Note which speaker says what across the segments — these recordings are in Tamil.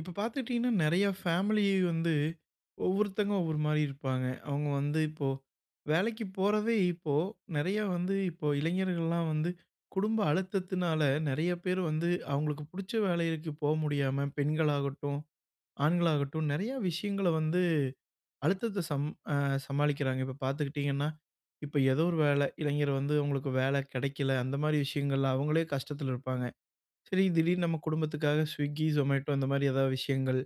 Speaker 1: இப்ப பாத்துட்டீங்கன்னா, நெறைய ஃபேமிலி வந்து ஒவ்வொருத்தங்க ஒவ்வொருமாரி இருப்பாங்க. அவுங்க வந்து இப்போ, வேலைக்கிப் போறதே இப்போ நெறையா வந்து இப்போ இளைஞர்கள்லாம் வந்து குடும்ப அழுத்தத்துனால நெறைய பேரு வந்து அவுங்களுக்கு புடுச்ச வேலைகளுக்குப் போக முடியாம பெண்களாகட்டும், ஆண்களாகட்டும் நெறையா விஷயங்கள வந்து, அழுத்தத்த சம் அ சமாளிக்கிறாங்க. இப்ப பாத்துக்கிட்டிங்கன்னா, இப்ப ஏதோ ஒரு வேல. இளைஞர் வந்து உங்களுக்கு வேல கிடைக்கல, அந்தமாரி விஷயங்கள்ல அவுங்களே கஷ்டத்துல இருப்பாங்க. சரி, திடீர்னு நம்ம குடும்பத்துக்காக ஸ்விகி, ஜொமேட்டோ அந்தமாரி எதா விஷயங்கள்,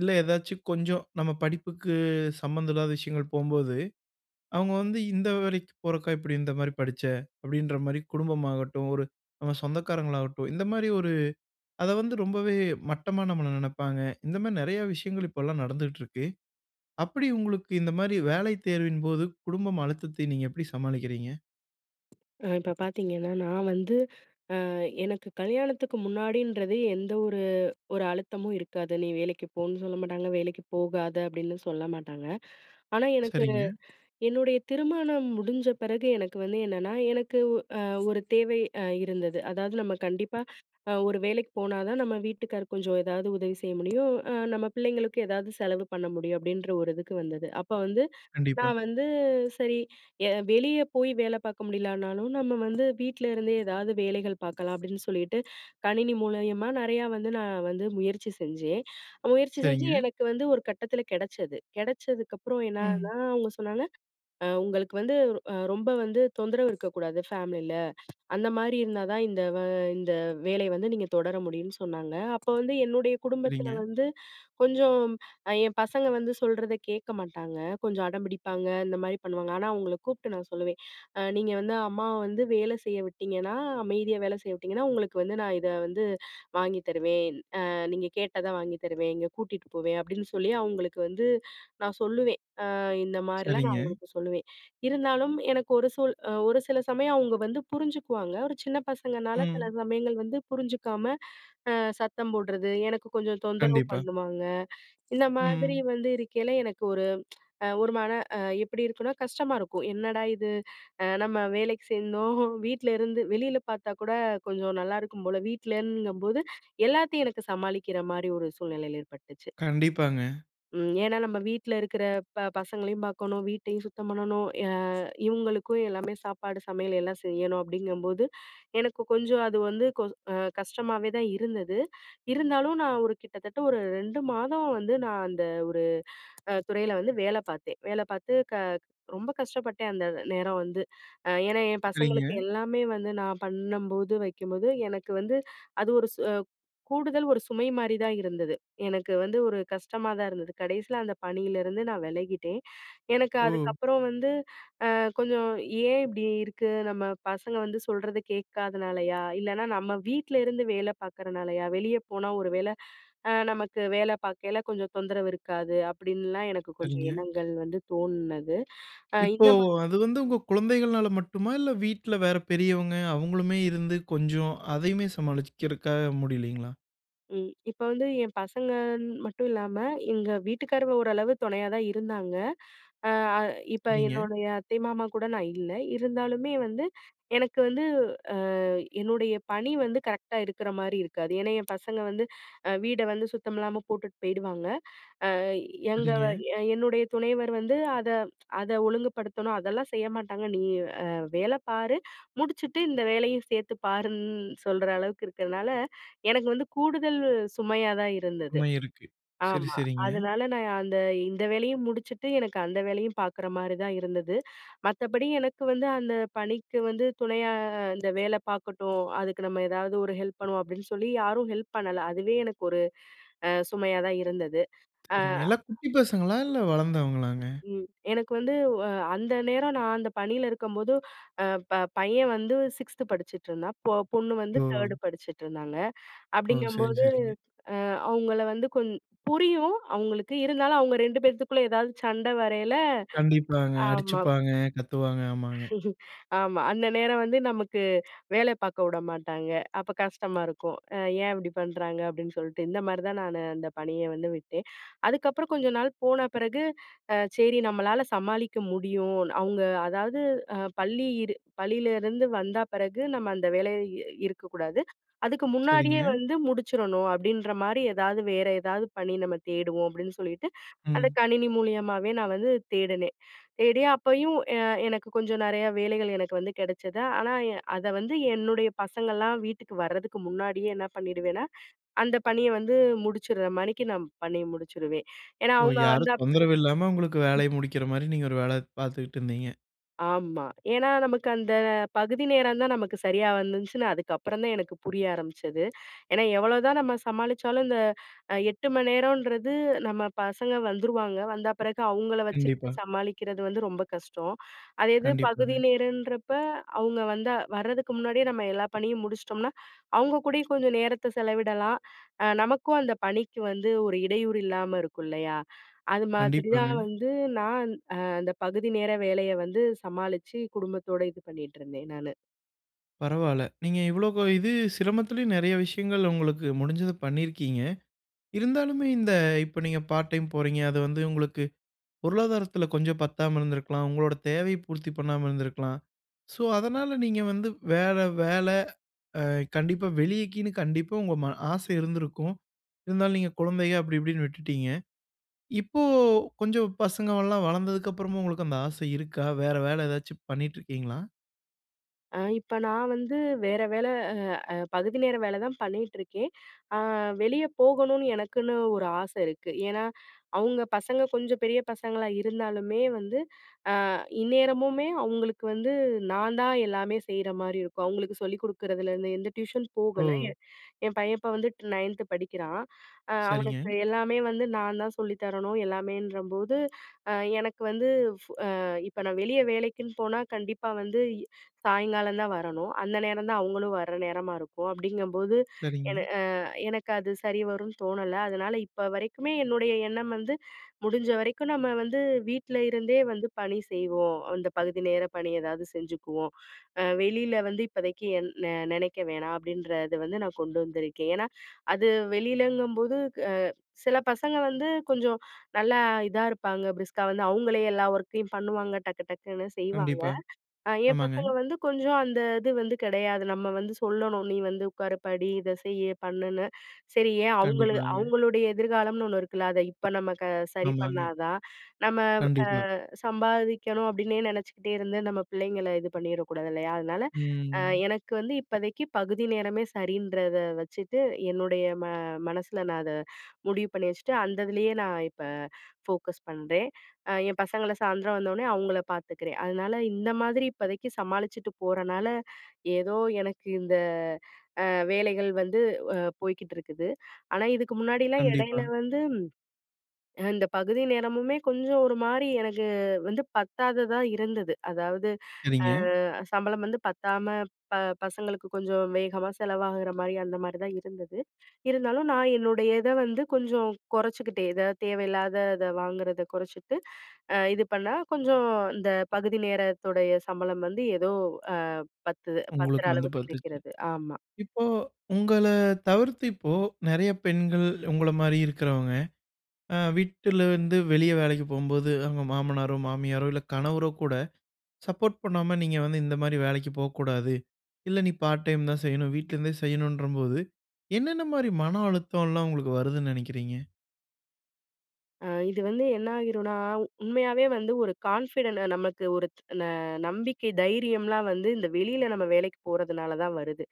Speaker 1: இல்ல ஏதாச்சும் கொஞ்சம் நம்ம படிப்புக்கு சம்மந்தம் இல்லாத விஷயங்கள் போகும்போது, அவுங்க வந்து, "இந்த வேலக்கிப் போறக்கா, இப்பிடி இந்தமாரி படிச்ச?" அப்பிடின்றமாரி குடும்பம் ஆகட்டும், ஒரு நம்ம சொந்தக்காரங்களாகட்டும் இந்தமாரி ஒரு அத வந்து ரொம்பவே மட்டமா நம்மள நெனப்பாங்க. இந்தமாரி நெறையா விஷயங்கள் இப்பல்லாம் நடந்துட்டுருக்கு. அப்பிடி உங்களுக்கு இந்தமாரி வேலை தேர்வின்போது குடும்பம் அழுத்தத்தை நீங்க எப்பிடி சமாளிக்கிறீங்க?
Speaker 2: அ இப்ப பாத்தீங்கன்னா, நான் வந்து அ எனக்கு கல்யாணத்துக்கு முன்னாடின்றதே எந்த ஒரு ஒரு அழுத்தமும் இருக்காது. நீ வேலக்கிப் போன்னு சொல்லமாட்டாங்க, வேலக்கிப் போகாத அப்பிடின்னும் சொல்லமாட்டாங்க. ஆனா எனக்கு,
Speaker 1: சரிங்க.
Speaker 2: என்னுடைய திருமணம் முடிஞ்ச பிறகு எனக்கு வந்து என்னன்னா, எனக்கு ஒ அ ஒரு தேவை அ இருந்தது. அதாவது நம்ம கண்டிப்பா அ ஒரு வேலைக்கிப் போனாதான் நம்ம வீட்டுக்காருக்கு கொஞ்சம் ஏதாவது உதவி செய்ய முடியும். அ நம்ம பிள்ளைங்களுக்கும் எதாவது செலவு பண்ண முடியும், அப்பிடின்ற ஒரு இதுக்கு வந்தது. அப்ப வந்து
Speaker 1: கண்டிப்பா.
Speaker 2: நான் வந்து சரி எ வெளிய போய் வேல பார்க்க முடிலனாலும், நம்ம வந்து வீட்ல இருந்தே எதாவது வேலைகள் பாக்கலாம் அப்பிடின்னு சொல்லிட்டு, கணினி மூலியமா நெறையா வந்து நான் வந்து முயற்சி செஞ்சேன். முயற்சி செஞ்சு
Speaker 1: சரிங்க.
Speaker 2: எனக்கு வந்து ஒரு கட்டத்துல கெடச்சது. கெடச்சதுக்கப்புறம்
Speaker 1: ம்.
Speaker 2: என்னான்னா, அவுங்க சொன்னாங்க, அ உங்களுக்கு வந்து அ ரொம்ப வந்து தொந்தரவு இருக்கக்கூடாது ஃபேமிலில, அந்தமாரி இருந்தாதான் இந்த வ இந்த வேலைய வந்து நீங்க தொடர முடியுன்னு சொன்னாங்க. அப்ப வந்து என்னுடைய குடும்பத்தில
Speaker 1: சரிங்க.
Speaker 2: வந்து கொஞ்சம் என் பசங்க வந்து சொல்றத கேட்க மாட்டாங்க. கொஞ்சம் அடம்பிடிப்பாங்க, இந்த மாரி பண்ணுவாங்க. ஆனா, அவுங்கள கூப்ட்டு நான் சொல்லுவேன், அ "நீங்க வந்து அம்மாவ வந்து வேல செய்ய விட்டீங்கன்னா, அமைதியா வேல செய்ய விட்டீங்கன்னா, உங்களுக்கு வந்து நான் இத வந்து வாங்கி தருவேன். அ நீங்க கேட்டத வாங்கித் தருவேன். இங்க கூட்டிட்டு போவேன்." அப்பிடின்னு சொல்லி அவுங்களுக்கு வந்து நான் சொல்லுவேன், அ இந்தமாரிலாம் நான்
Speaker 1: சரிங்க.
Speaker 2: அவுங்களுக்கு சொல்லுவேன். இருந்தாலும் எனக்கு ஒரு சூழ் அ ஒரு சில சமயம் அவுங்க வந்து புரிஞ்சுக்குவாங்க. ஒரு சின்ன பசங்கனால சில
Speaker 1: ம்.
Speaker 2: சமயங்கள் வந்து புரிஞ்சிக்காம அ சத்தம் போட்றது, எனக்கு கொஞ்சம் தொந்தரவு
Speaker 1: கண்டிப்பா.
Speaker 2: பண்ணுவாங்க. இந்த மாதிரி
Speaker 1: ம்.
Speaker 2: வந்து இருக்கையில எனக்கு ஒரு அ ஒரு மன அ எப்பிடி இருக்குன்னா, கஷ்டமா இருக்கும். என்னடா இது அ நம்ம வேலைக்கிச் சேர்ந்தோம் வீட்ல இருந்து வெளில பாத்தாக்கூட கொஞ்சம் நல்லாருக்கும் போல. வீட்டிலென்கும்போது எல்லாத்தையும் எனக்கு சமாளிக்கிறமாரி ஒரு சூழ்நிலை ஏற்பட்டுச்சு.
Speaker 1: கண்டிப்பாங்க.
Speaker 2: ம், ஏன்னா நம்ம வீட்ல இருக்கிற ப பசங்களையும் பார்க்கணும். வீட்டையும் சுத்தம் பண்ணணும் அ இவங்களுக்கும் எல்லாமே சாப்பாடு சமையல் எல்லாம் செய்யணும், அப்படிங்கும்போது, எனக்கு கொஞ்சம் அது வந்து கோ அ கஷ்டமாவேதான் இருந்தது. இருந்தாலும் நான் ஒரு கிட்டத்தட்ட ஒரு 2 மாதம் வந்து நான் அந்த ஒரு அ துறையில வந்து வேல பார்த்தேன். வேல பார்த்து க ரொம்ப கஷ்டப்பட்டேன். அந்த நேரம் வந்து. அ ஏன்னா என்
Speaker 1: சரிங்க.
Speaker 2: பசங்களுக்கு எல்லாமே வந்து, நான் பண்ணும்போது, வைக்கும்போது எனக்கு வந்து அது ஒரு சு கூடுதல் ஒரு சுமை மாரி தான் இருந்தது. எனக்கு வந்து ஒரு கஷ்டமா தான் இருந்தது. கடைசியில அந்த பணியிலிருந்து நான் விலகிட்டேன். எனக்கு
Speaker 1: ஓ!
Speaker 2: அதுக்கப்புறம் வந்து அ கொஞ்சம், "ஏன் இப்படி இருக்கு, நம்ம பசங்க வந்து சொல்றத கேட்காதனாலயா? இல்லனா நம்ம வீட்ல இருந்து வேலை பார்க்குறனாலயா? வெளிய போனா ஒரு வேல அ நமக்கு வேலை பார்க்கையில கொஞ்சம் தொந்தரவு இருக்காது." அப்படின்லாம் எனக்கு கொஞ்சம்
Speaker 1: சரிங்க.
Speaker 2: எண்ணங்கள் வந்து தோணுனது. அ
Speaker 1: இப்போ,
Speaker 2: இந்த மாரி
Speaker 1: அது வந்து
Speaker 2: ம்.
Speaker 1: உங்க குழந்தைகள்னால மட்டுமா? இல்ல வீட்ல வேற பெரியவங்க அவங்களுமே இருந்து கொஞ்சம், அதையுமே சமாளிக்குறதுக்காக முடிலைங்களா?
Speaker 2: ம். இப்ப வந்து என் பசங்கன்னு மட்டுமில்லாம எங்க வீட்டுக்காரும் ஓரளவு துணையா தான் இருந்தாங்க. அ அ இப்ப
Speaker 1: சரிங்க.
Speaker 2: என்னோடைய அத்தை மாமா கூட நான் இல்ல. இருந்தாலுமே வந்து, எனக்கு வந்து அ என்னுடைய பணி வந்து கரெக்ட்டா இருக்கிற மாரி இருக்காது. ஏன்னா என் பசங்க வந்து, அ வீட வந்து சுத்தமில்லாம போட்டுட்டு போயிடுவாங்க. அ எங்கவ
Speaker 1: சரிங்க.
Speaker 2: எ என்னுடைய துணைவர் வந்து அத அத ஒழுங்குப்படுத்தணும், அதெல்லாம் செய்ய மாட்டாங்க. நீ அ வேல பாரு, முடிச்சுட்டு இந்த வேலையும் சேர்த்து பாருன்னு சொல்ற அளவுக்கு இருக்கிறதுனால, எனக்கு வந்து கூடுதல் சுமையா தான் இருந்தது
Speaker 1: உண்மை இருக்கு. சரி
Speaker 2: ஆமா.
Speaker 1: சரிங்க.
Speaker 2: அதனால நான் அந்த இந்த வேலையும் முடிச்சுட்டு, எனக்கு அந்த வேலையும் பார்க்குற மாரி தான் இருந்தது. மத்தபடி எனக்கு வந்து அந்த பணிக்கு வந்து துணையா "இந்த வேலை பார்க்கட்டும். அதுக்கு நம்ம ஏதாவது ஒரு ஹெல்ப் பண்ணுவோம்" அப்படின்னு சொல்லி யாரும் ஹெல்ப் பண்ணல. அதுவே எனக்கு ஒரு அ சுமையா தான் இருந்தது. அ
Speaker 1: சரிங்க. எல்லா குட்டி பசங்களா? இல்ல வளர்ந்தவங்களாங்க?
Speaker 2: ம். எனக்கு வந்து அ அந்த நேரம் நான் அந்த பணியில இருக்கும்போது, அ ப பையன் வந்து 6த் படிச்சுட்ருந்தான். பொ பொண்ணு வந்து
Speaker 1: ஓ!
Speaker 2: 3ர்டு படிச்சுட்ருந்தாங்க.
Speaker 1: ஓ! சரிங்
Speaker 2: அப்படிங்கும்போது
Speaker 1: சரிங்க.
Speaker 2: அ அவங்கள வந்து கொஞ் புரியும் அவங்களுக்கு. இருந்தாலும் அவங்க 2 பேத்துக்குள்ள ஏதாவது சண்டை வரையில
Speaker 1: கண்டிப்பாங்க.
Speaker 2: ஆமா.
Speaker 1: அடிச்சுப்பாங்க, கத்துவாங்க. ஆமாங்க.
Speaker 2: ஆமா. அந்த நேரம் வந்து நமக்கு வேலை பார்க்க உடமாட்டாங்க. அப்ப கஷ்டமா இருக்கும், "அ ஏன் இப்படி பண்றாங்க" அப்படின்னு சொல்லிட்டு. இந்த மாரி தான் நானு அந்த பணிய வந்து விட்டேன். அதுக்கப்புறம் கொஞ்ச நாள் போன பிறகு அ, "சரி நம்மளால சமாளிக்க முடியும். அவங்க அதாவது அ பள்ளியிரு பள்ளியிலேருந்து வந்த பிறகு நம்ம அந்த வேலை இருக்கக்கூடாது. அதுக்கு முன்னாடியே
Speaker 1: சரிங்க.
Speaker 2: வந்து முடிச்சுறணும் அப்படின்ற மாரி ஏதாவது வேற ஏதாவது பணி நம்ம தேடுவோம்". அப்படின்னு சொல்லிட்டு, அத
Speaker 1: ம்.
Speaker 2: கணினி மூலியமாவே நான் வந்து தேடுனேன். தேடி அப்பயும் எ எனக்கு கொஞ்சம் நிறைய வேலைகள் எனக்கு வந்து கிடைச்சது. ஆனா எ அத வந்து என்னுடைய பசங்கள்லாம் வீட்டுக்கு வரதுக்கு முன்னாடியே என்ன பண்ணிடுவேனா, அந்த பணிய வந்து முடிச்சுடுறமாரி நான் பண்ணி முடிச்சிடுவேன். ஏன்னா
Speaker 1: ஓ!
Speaker 2: அவங்க
Speaker 1: யாரு
Speaker 2: வந்தப்பிறகு
Speaker 1: தொந்தரவு இல்லாம, உங்களுக்கு
Speaker 2: ம்.
Speaker 1: வேலைய முடிக்கிற மாரி நீங்க ஒரு வேல பார்த்துக்கிட்டுருந்தீங்க!
Speaker 2: ஆமா, ஏன்னா நமக்கு அந்த பகுதி நேரம் தான், நமக்கு சரியா வந்துச்சுன்னு அதுக்கப்புறம் தான் எனக்கு புரிய ஆரம்பிச்சது. ஏன்னா, எவ்வளோதான் நம்ம சமாளிச்சாலும், இந்த அ 8 மணி நேரம்ன்றது, நம்ம பசங்க வந்துருவாங்க. வந்த பிறகு, அவுங்களை வச்சுக்கிட்டு
Speaker 1: கண்டிப்பா.
Speaker 2: சமாளிக்கிறது வந்து, ரொம்ப கஷ்டம். அதே இது, பகுதி
Speaker 1: கண்டிப்பாங்க.
Speaker 2: நேரன்றப்ப, அவங்க வந்தா வரதுக்கு முன்னாடியே நம்ம எல்லா பணியும் முடிச்சிட்டோம்னா, அவுங்க கூடயும் கொஞ்சம் நேரத்தை செலவிடலாம். அ நமக்கும், அந்த பணிக்கு வந்து ஒரு இடையூறு இல்லாம இருக்கும் இல்லையா? அது மாதிரி தான்
Speaker 1: கண்டிப்பாங்க.
Speaker 2: வந்து, நான் அ அந்த பகுதி நேர வேலைய வந்து சமாளிச்சு குடும்பத்தோட இது பண்ணிட்டிருந்தேன், நானு.
Speaker 1: பரவால்ல, நீங்க இவ்வளோ இது சிரமத்திலயும், நெறைய விஷயங்கள் உங்களுக்கு முடிஞ்சத பண்ணிருக்கீங்க. இருந்தாலுமே, இந்த இப்ப நீங்க பார்ட் டைம் போறீங்க. அது வந்து, உங்களுக்கு பொருளாதாரத்துல கொஞ்சம் பத்தாம இருந்திருக்கலாம், உங்களோட தேவையை பூர்த்தி பண்ணாம இருந்திருக்கலாம். சோ, அதனால நீங்க வந்து வேற வேல அ கண்டிப்பா வெளியிலன்னு கண்டிப்பா உங்க ம ஆசை இருந்திருக்கும். இருந்தாலும் நீங்க குழந்தைக, அப்டி, இப்டின்னு விட்டுட்டீங்க. இப்போ கொஞ்சம் பசங்க எல்லாம் வளந்ததுக்கப்புறமும், உங்களுக்கு அந்த ஆசை இருக்கா? வேற வேலை எதாச்சும் பண்ணிட்டுருக்கீங்களா?
Speaker 2: அ, இப்ப நான் வந்து வேற வேல, அ அ பகுதி நேர வேல தான் பண்ணிட்டுருக்கேன். அ வெளிய போகணும்னு எனக்குன்னு ஒரு ஆசை இருக்கு. ஏன்னா, அவுங்க பசங்க கொஞ்சம் பெரிய பசங்களா இருந்தாலுமே வந்து, அ இந்நேரமுமே அவுங்களுக்கு வந்து, நான் தான் எல்லாமே செய்ற மாரி இருக்கும். அவுங்களுக்கு சொல்லிக் குடுக்குறதுலருந்து, எந்த டியூஷன் போகல,
Speaker 1: ஓ!
Speaker 2: என் என் பையன் இப்ப வந்துட்டு 9த் படிக்கிறான். அ
Speaker 1: சரிங்க.
Speaker 2: அவனுக்கு எல்லாமே வந்து நான் தான் சொல்லி தரணும். எல்லாமேன்றம்போது, அ எனக்கு வந்து, ஃப் அ இப்ப நான் வெளிய வேலைக்குன்னு போனா, கண்டிப்பா வந்து இ சாயங்காலம் தான் வரணும். அந்த நேரம் தான் அவுங்களும் வர்ற நேரமா இருக்கும், அப்படிங்கும்போது, என
Speaker 1: சரிங்க.
Speaker 2: அ எனக்கு அது சரி வரும்னு தோணல. அதனால, இப்ப வரைக்குமே என்னுடைய எண்ணம் வந்து, "முடிஞ்ச வரைக்கும் நம்ம வந்து வீட்ல இருந்தே வந்து பணி செய்வோம். அந்த பகுதி நேர பணி ஏதாவது செஞ்சுக்குவோம். அ வெளியில வந்து இப்பதைக்கு என் நெ நினைக்க வேணாம்." அப்படின்றது வந்து நான் கொண்டு வந்திருக்கேன். ஏன்னா, அது வெளியிலங்கும்போது, அ சில பசங்க வந்து கொஞ்சம் நல்லா இதா இருப்பாங்க. பிரிஸ்கா வந்து அவுங்களே எல்லா ஒர்க்கையும் பண்ணுவாங்க. டக்கு டக்குன்னு செய்வாங்க.
Speaker 1: கண்டிப்பா,
Speaker 2: அ ஏன்
Speaker 1: ஆமாங்க.
Speaker 2: பசங்க வந்து கொஞ்சம் அந்த இது வந்து கெடையாது. நம்ம வந்து சொல்லணும், நீ வந்து உட்காரு படி. இத செய்யி, பண்ணுன்னு. சரி ஏன் அவங்களு
Speaker 1: கண்டிப்பாங்க.
Speaker 2: அவங்களுடைய எதிர்காலம்னு ஒண்ணு இருக்குல, அத இப்ப நம்ம க சரி பண்ணா
Speaker 1: ஆமாங்க.
Speaker 2: தான். நம்ம
Speaker 1: கண்டிப்பா.
Speaker 2: வ் அ சம்பாதிக்கணும் அப்படின்னே நினைச்சுக்கிட்டே இருந்து, நம்ம பிள்ளைங்கள இது பண்ணிறக்கூடாது, இல்லயா? அதனால, அ
Speaker 1: ம்.
Speaker 2: எனக்கு வந்து இப்பதைக்கி பகுதி நேரமே சரின்றத வச்சுட்டு, என்னுடைய ம மனசுல நான் அத முடிவு பண்ணி வச்சுட்டு, அந்ததுலேயே நான் இப்ப ஃபோக்கஸ் பண்றேன். அ என் பசங்கள சாயந்தரம் வந்தோனே அவுங்கள பார்த்துக்கிறேன். அதனால, இந்த மாதிரி இப்பதைக்கி சமாளிச்சுட்டு போறனால, ஏதோ எனக்கு இந்த அ வேலைகள் வந்து வ போய்க்கிட்டு இருக்குது. ஆனா இதுக்கு முன்னாடில்லாம் இடையில
Speaker 1: கண்டிப்பா.
Speaker 2: வந்து, ம் அ இந்த பகுதி நேரமுமே கொஞ்சம் ஒரு மாரி எனக்கு, வந்து பத்தாததா இருந்தது. அதாவது, அ
Speaker 1: சரிங்க.
Speaker 2: சம்பளம் வந்து பத்தாம ப பசங்களுக்கு கொஞ்சம் வேகமா செலவாகுற மாரி, அந்த மாரி தான் இருந்தது. இருந்தாலும் நான் என்னுடைய இத வந்து கொஞ்சம் கொறைச்சுக்கிட்டேன். எதாது தேவையில்லாதத வாங்குறத குறைச்சுட்டு, அ இது பண்ணா கொஞ்சம், இந்த பகுதி நேரத்துடைய சம்பளம் வந்து ஏதோ அ பத்துது பத்துற
Speaker 1: உங்களுக்கு வந்து
Speaker 2: அளவுக்கு
Speaker 1: பத்துச்சு.
Speaker 2: இருக்கிறது. ஆமா.
Speaker 1: இப்போ, உங்கள தவிர்த்து இப்போ, நெறைய பெண்கள் உங்கள மாரி இருக்கிறவங்க, அ வீட்டுல இருந்து வெளிய வேலைக்கி போகும்போது, அவங்க மாமனாரோ, மாமியாரோ, இல்ல கணவரோ கூட சப்போர்ட் பண்ணாம, நீங்க வந்து இந்த மாரி வேலைக்கி போக்கூடாது. இல்ல நீ பார்ட் டைம் தான் செய்யணும், வீட்லருந்தே செய்யணுன்றபோது, என்னென்ன மாரி மன அழுத்தம்லாம் உங்களுக்கு வருதுன்னு நெனைக்கிறீங்க?
Speaker 2: அ இது வந்து என்னாயிருன்னா, உண்மையாவே வந்து ஒரு கான்ஃபிடன்ட்ட நமக்கு ஒரு ந நம்பிக்கை, தைரியம்லாம் வந்து இந்த வெளில நம்ம வேலைக்கிப் போறதுனாலதான் வருது.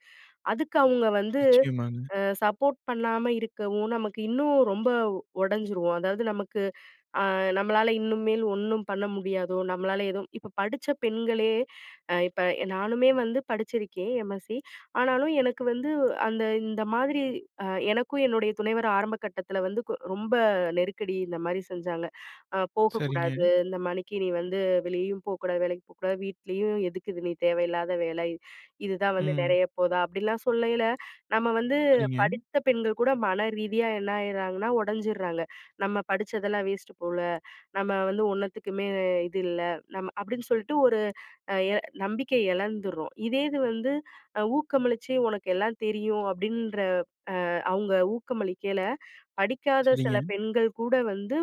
Speaker 2: அதுக்கு அவுங்க வந்து
Speaker 1: நிச்சயமாங்க.
Speaker 2: அ சப்போர்ட் பண்ணாம இருக்கவும், நமக்கு இன்னும் ரொம்ப உடஞ்சிருவோம். அதாவது நமக்கு அ நம்பளால இனிமேல் ஒன்ணும் பண்ண முடியாதோ? நம்பளால எதும் இப்ப படிச்ச பெண்களே அ இப்ப எ நானுமே வந்து படிச்சிருக்கேன் எம்.எஸ்சி. ஆனாலும் எனக்கு வந்து அந்த இந்த மாதிரி அ எனக்கும் என்னுடைய துணைவர் ஆரம்ப கட்டத்தில வந்து கு ரொம்ப நெருக்கடி இந்தமாரி செஞ்சாங்க. "அ போகக்கூடாது,
Speaker 1: சரிங்க.
Speaker 2: இந்தமாரி நீ வந்து வெளியேயும் போக்கூடாது, வேலைக்கு போக்கூடாது, வீட்லயும் எதுக்கு இது? நீ தேவையில்லாத வேல. இதுதான் வந்து
Speaker 1: ம்.
Speaker 2: நெறையப்போதா?" அப்படில்லாம் சொல்லயில, நம்ம வந்து
Speaker 1: சரிங்க.
Speaker 2: படித்த பெண்கள் கூட மன ரீதியா என்னாயிர்றாங்கன்னா? ஒடஞ்சிர்றாங்க. "நம்ம படிச்ததெல்லாம் வேஸ்ட்டு போல, நம்ம வந்து ஒன்னத்துக்குமே அ இது இல்ல, நம்ம." அப்படின்னு சொல்ட்டு ஒரு எ நம்பிக்கைய இழந்துர்றோம். இதே இது வந்து அ ஊக்கமளிச்சி, "உனக்கு எல்லாம் தெரியும்" அப்படின்ற அ அவுங்க ஊக்கமளிக்கையில படிக்காத சில
Speaker 1: சரிங்க.
Speaker 2: பெண்கள் கூட வந்து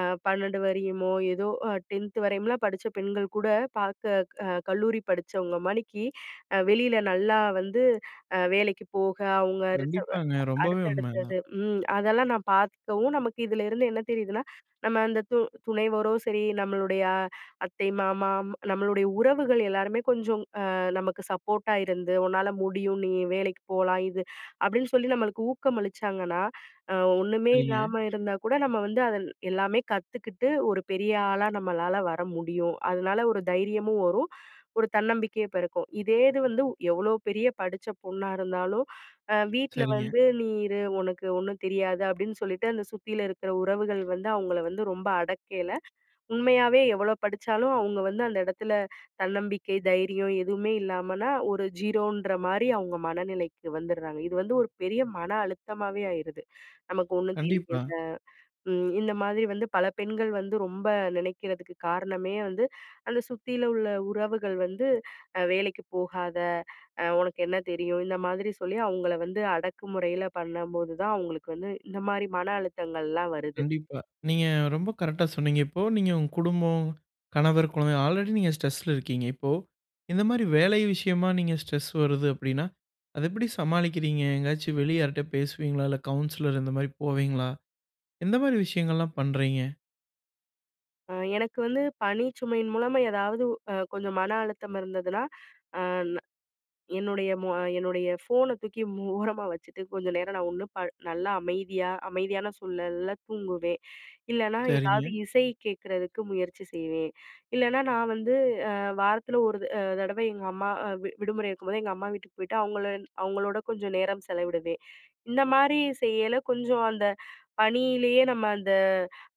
Speaker 2: அ 12 வரையுமோ! ஏதோ அ 10ன்த் வரையும்லாம் படிச்ச பெண்கள்கூட பார்க்க அ கல்லூரி படிச்சவங்க மாரி அ வெளியில நல்லா வந்து அ வேலைக்கு போக, அவுங்க
Speaker 1: கண்டிப்பாங்க.
Speaker 2: [unintelligible]
Speaker 1: ரொம்பவே உண்மை அதான்.
Speaker 2: அடுத்தடுத்தது ம் அதெல்லாம் நான் பார்க்கவும், நமக்கு இதுல இருந்து என்ன தெரியுதுன்னா, நம்ம அந்த து துணைவரும் சரி நம்மளுடைய அ அத்தை, மாமா ம் நம்மளுடைய உறவுகள் எல்லாருமே கொஞ்சம் அ நமக்கு சப்போர்ட்டா இருந்து, "உன்னால முடியும். நீ வேலைக்கிப் போலாம் இது" அப்டின்னு சொல்லி நம்மளுக்கு ஊக்கம் அளிச்சாங்கன்னா, அ ஒண்ணுமே
Speaker 1: சரிங்க.
Speaker 2: இல்லாம இருந்தாக்கூட நம்ம வந்து அதில் எல்லாமே கத்துக்கிட்டு ஒரு பெரிய ஆளா நம்மளால வர முடியும். அதுனால ஒரு தைரியமும் வரும், ஒரு தன்னம்பிக்கையும் பெறக்கும். இதே இது வந்து வ் எவ்ளோ பெரிய படிச்ச பொண்ணா இருந்தாலும் அ "வீட்ல
Speaker 1: சரிங்க.
Speaker 2: வந்து நீ இரு. உனக்கு ஒன்னும் தெரியாது" அப்படின்னு சொல்லிட்டு, அந்த சுத்தியிலும் இருக்கிற உறவுகள் வந்து அவுங்கள வந்து ரொம்ப அடக்கையில, உண்மையாவே எவ்வளோ படிச்சாலும் அவுங்க வந்து அந்த இடத்தில தன்னம்பிக்கை, தைரியம் எதுவுமே இல்லாமன்னா, ஒரு 0ன்ற மாரி அவுங்க மனநிலைக்கு வந்திட்றாங்க. இது வந்து ஒரு பெரிய மன அழுத்தமாவே ஆயிருது. "நமக்கு ஒண்ணும்
Speaker 1: கண்டிப்பா.
Speaker 2: தெரியல" ம் இந்த மாதிரி வந்து பல பெண்கள் வந்து ரொம்ப நினைக்கிறதுக்கு காரணமே வந்து, அந்த சுத்தியில உள்ள உறவுகள் வந்து அ "வேலைக்கிப் போகாத. அ உனக்கு என்ன தெரியும்?" இந்த மாதிரி சொல்லி அவங்கள வந்து அடக்குமுறையில பண்ணம்போதுதான் அவுங்களுக்கு வந்து இந்தமாரி மன அழுத்தங்கள்லாம் வருது.
Speaker 1: கண்டிப்பா. நீங்க ரொம்ப கரெக்ட்டா சொன்னீங்க. இப்போ நீங்க உங்க குடும்பம், கணவர், குழந்த ஆல்ரெடி நீங்க ஸ்ட்ரெஸ்‌ல இருக்கீங்க. இப்போ இந்தமாரி வேலை விஷயமா நீங்க ஸ்ட்ரெஸ் வருது அப்பிடின்னா, அத எப்பிடி சமாளிக்கிறீங்க? எங்காச்சும் வெளிய யாருட்ட பேசுவீங்களா? இல்ல கவுன்சிலர் இந்தமாரி போவீங்களா? எந்தமாரி விஷயங்கள்லாம் பண்றீங்க?
Speaker 2: ஆ, எனக்கு வந்து பணி சுமையின் மூலமா, ஏதாவது அ கொஞ்சம் மன அழுத்தம் இருந்ததுனா, அ ந என்னுடைய மோ என்னுடைய ஃபோனை தூக்கி மூ ஓரமா வச்சுட்டு, கொஞ்சம் நேரம் நான் ஒன்னும் ப நல்லா அமைதியா அமைதியான சுழல்ல தூங்குவேன். இல்லன்னா, ஏதாவது
Speaker 1: சரிங்க.
Speaker 2: இசை கேக்குறதுக்கு முயற்சி செய்வேன். இல்லனா, நான் வந்து அ வாரத்துல ஒரு த அ தடவ எங்க அம்மா அ வி விடுமுறை இருக்கும்போது, எங்க அம்மா வீட்டுக்கு போய்ட்டு, அவங்கள அவங்களோட கொஞ்சம் நேரம் செலவிடுவேன். இந்த மாரி செய்யயில, கொஞ்சம் அந்த, பணியிலேயே நம்ம அந்த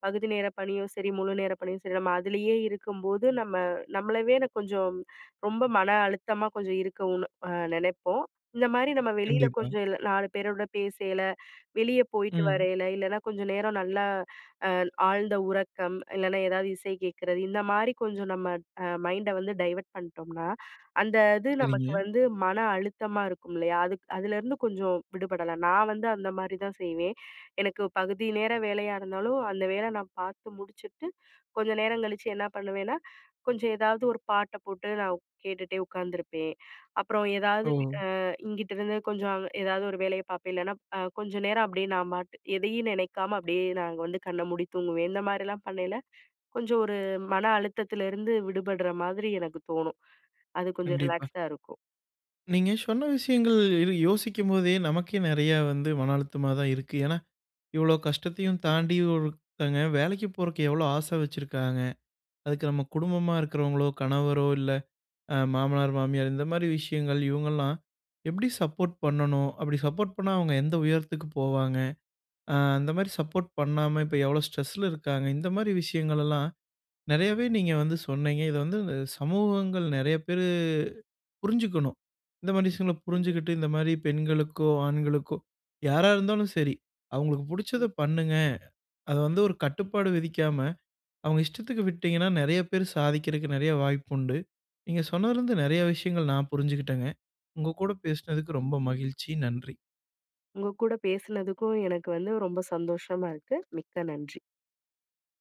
Speaker 2: பகுதி நேர பணியும் சரி, முழு நேர பணியும் சரி, நம்ம அதுலயே இருக்கும்போது நம்ம நம்மளவே கொஞ்சம் ரொம்ப மன அழுத்தமா கொஞ்சம் இருக்கோம்னு அ நெனைப்போம். இந்த மாதிரி, நம்ம வெளியில
Speaker 1: கண்டிப்பா.
Speaker 2: கொஞ்சம் இல்ல நாலு பேரோட பேசயில, வெளியே போய்ட்டு
Speaker 1: ம்.
Speaker 2: வரையில, இல்லைனா கொஞ்சம் நேரம் நல்லா அ ஆழ்ந்த உறக்கம், இல்லனா ஏதாவது இசை கேட்கறது, இந்த மாரி கொஞ்சம் நம்ம அ மைண்ட வந்து டைவர்ட் பண்ணிட்டோம்னா, அந்த இது நமக்கு
Speaker 1: சரிங்க.
Speaker 2: வந்து மன அழுத்தமா இருக்குமில்லையா? அதுக் அதுலருந்து கொஞ்சம் விடுபடலாம். நான் வந்து அந்த மாரி தான் செய்வேன். எனக்கு பகுதி நேர வேலையா இருந்தாலும், அந்த வேல நான் பார்த்து முடிச்சுட்டு, கொஞ்சம் நேரம் கழிச்சி, என்ன பண்ணுவேன்னா, கொஞ்சம் ஏதாவது ஒரு பாட்ட போட்டு, நான் ஒக் கேட்டுட்டே உக்காந்துருப்பேன். அப்புறம் ஏதாவது, பி
Speaker 1: ஓ!
Speaker 2: அ இங்கிட்டிருந்து கொஞ்சம் அவ் ஏதாவது ஒரு வேலைய பாப்பேன். இல்லைனா, ப் அ கொஞ்சம் நேரம் அப்படியே நான் பாட்டு, எதையும் நெனைக்காம அப்படியே நான் அங்க வந்து, கண்ண மூடி தூங்குவேன். இந்த மாரிலாம் பண்ணயில, கொஞ்சம் ஒரு மன அழுத்தத்துல இருந்து விடுபடுற மாதிரி எனக்கு தோணும். அது கொஞ்சம்
Speaker 1: கண்டிப்பா.
Speaker 2: ரிலாக்ஸ்டா இருக்கும்.
Speaker 1: நீங்க சொன்ன விஷயங்கள் இது யோசிக்கும்போதே, நமக்கே நெறைய வந்து மன அழுத்தமா தான் இருக்கு. ஏன்னா, இவ்ளோ கஷ்டத்தையும் தாண்டி, ஒருத்தங்க வேலைக்கி போறதுக்கு எவ்ளோ ஆச வச்சிருக்காங்க! அதுக்கு நம்ம குடும்பமா இருக்கிறவங்களோ, கணவரோ, இல்ல அ மாமனார், மாமியார் இந்த மாதிரி விஷயங்கள், இவங்கள்லாம் எப்படி சப்போர்ட் பண்ணணும்? அப்படி சப்போர்ட் பண்ணா, அவங்க எந்த உயரத்துக்கு போவாங்க? அ அந்த மாதிரி சப்போர்ட் பண்ணாம, இப்ப எவ்ளோ ஸ்ட்ரெஸ்ல இருக்காங்க. இந்த மாதிரி விஷயங்களெல்லாம், நெறையவே நீங்க வந்து சொன்னீங்க. இத வந்து சமூகங்கள் நெறைய பேரு புரிஞ்சுக்கணும். இந்த மாரி விஷயங்கள
Speaker 2: [unintelligible]
Speaker 1: புரிஞ்சுகிட்டு, இந்த மாதிரி பெண்களுக்கோ, ஆண்களுக்கோ யாரா இருந்தாலும் சரி அவங்களுக்கு, "புடிச்சத
Speaker 2: ம்.
Speaker 1: பண்ணுங்க" அத வந்து ஒரு கட்டுப்பாடு விதிக்காம, அவங்க இஷ்டத்துக்கு விட்டீங்கன்னா, நெறைய பேர் சாதிக்கிறதுக்கு நெறைய வாய்ப்புண்டு. நீங்க சொன்னதுலருந்து நெறைய விஷயங்கள் நான் புரிஞ்சுக்கிட்டேங்க. உங்க கூட பேசினதுக்கு ரொம்ப மகிழ்ச்சி. நன்றி.
Speaker 2: உங்க கூட பேசுனதுக்கும், எனக்கு வந்து ரொம்ப சந்தோஷமா இருக்கு. மிக்க நன்றி.